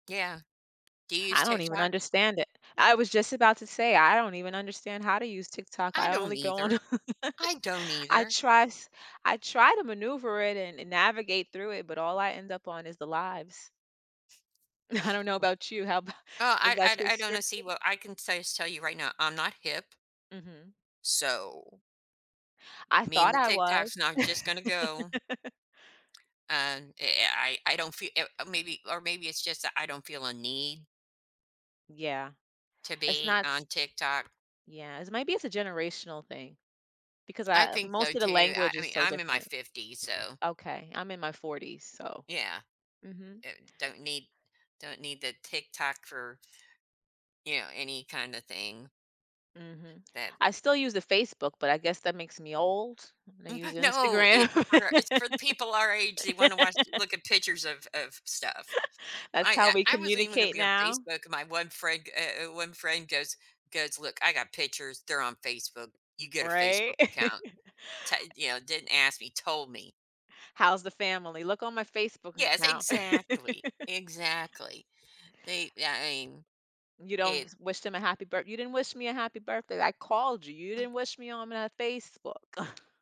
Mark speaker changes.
Speaker 1: Yeah. Do you use
Speaker 2: I don't even
Speaker 1: TikTok?
Speaker 2: understand it, I was just about to say I don't even understand how to use TikTok,
Speaker 1: I
Speaker 2: I
Speaker 1: don't
Speaker 2: only go on
Speaker 1: either. I don't either.
Speaker 2: try s I try to maneuver it and navigate through it, but all I end up on is the "lives".
Speaker 1: Hmm.
Speaker 2: I don't know about you, how about
Speaker 1: Oh,
Speaker 2: is
Speaker 1: I
Speaker 2: that your
Speaker 1: I I don't
Speaker 2: experience?
Speaker 1: see what I can say tell you right now, I'm not hip.
Speaker 2: Mhm.
Speaker 1: So
Speaker 2: I
Speaker 1: mean
Speaker 2: thought
Speaker 1: the
Speaker 2: I was.
Speaker 1: TikTok's not just gonna go. And eh, I I don't fee uh, maybe, or maybe it's just that I don't feel a need
Speaker 2: Yeah,
Speaker 1: to
Speaker 2: it's
Speaker 1: be
Speaker 2: not s
Speaker 1: on TikTok.
Speaker 2: yes, maybe it's a generational thing because
Speaker 1: I
Speaker 2: I
Speaker 1: think so,
Speaker 2: most of the
Speaker 1: too. I
Speaker 2: language
Speaker 1: I
Speaker 2: is
Speaker 1: mean,
Speaker 2: so
Speaker 1: I'm in my
Speaker 2: different.
Speaker 1: 50s, so
Speaker 2: Okay, I'm in my 40s, so
Speaker 1: Yeah.
Speaker 2: mhm.
Speaker 1: Uh, don't need don't need the TikTok for you know, any kind of thing.
Speaker 2: Mhm.
Speaker 1: Then
Speaker 2: I still use the Facebook, but I guess that makes me old, and I
Speaker 1: M
Speaker 2: use
Speaker 1: no,
Speaker 2: Instagram.
Speaker 1: it's for it's for people our age, they wanna watch look at pictures of of stuff. I
Speaker 2: That's how we
Speaker 1: I I wasn't even gonna
Speaker 2: communicate
Speaker 1: be on
Speaker 2: now.
Speaker 1: Facebook, my one friend uh, one friend goes goes, "Look, I got pictures, they're on Facebook, you get a
Speaker 2: Right.
Speaker 1: Facebook account." To you know, didn't ask me, told me.
Speaker 2: How's the family? Look on my Facebook
Speaker 1: Yes,
Speaker 2: account.
Speaker 1: exactly exactly, they yeah, I mean,
Speaker 2: You don't
Speaker 1: it
Speaker 2: wish them a happy birth "You didn't wish me a happy birthday." "I called you." "You didn't wish me on my Facebook."